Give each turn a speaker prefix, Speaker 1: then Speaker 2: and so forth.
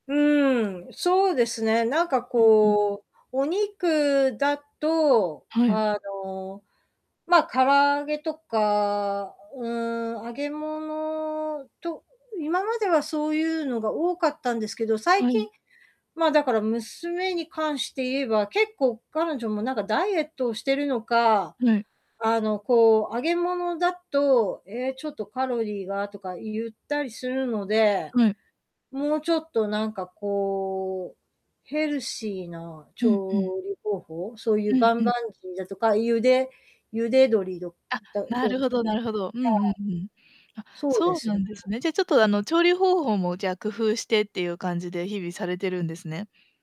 Speaker 1: うーん、そうですね。なんか、
Speaker 2: うんうん。
Speaker 1: こう、お肉だと、
Speaker 2: はい。
Speaker 1: あの、ま、唐揚げとか、うーん、揚げ物、と今まではそういうのが多かったんですけど、最
Speaker 2: は
Speaker 1: 近
Speaker 2: い。
Speaker 1: ま、だから娘に関して言えば、結構彼女も、なんか、ダイエットをしてるのか、
Speaker 2: はい。
Speaker 1: あの、こう、揚げ物だと「ええ、ちょっとカロリーが」とか言ったりするので、
Speaker 2: はい。
Speaker 1: もうちょっと、なんか、こう、ヘルシーな
Speaker 2: うんうん。
Speaker 1: 調理方法？そういう、
Speaker 2: うん
Speaker 1: 棒棒
Speaker 2: うん。
Speaker 1: 鶏だとか、茹で茹で鶏ど
Speaker 2: あ、
Speaker 1: ど
Speaker 2: な
Speaker 1: どう
Speaker 2: る
Speaker 1: です
Speaker 2: ほど
Speaker 1: か。は
Speaker 2: な
Speaker 1: い。
Speaker 2: るほど。うんうんうん。あ、
Speaker 1: そうで
Speaker 2: そう
Speaker 1: す
Speaker 2: な
Speaker 1: ね。
Speaker 2: んですね。じゃ、ちょっと、あの、調理方法も、じゃあ、工夫してっていう感じで、日々されてるんですね。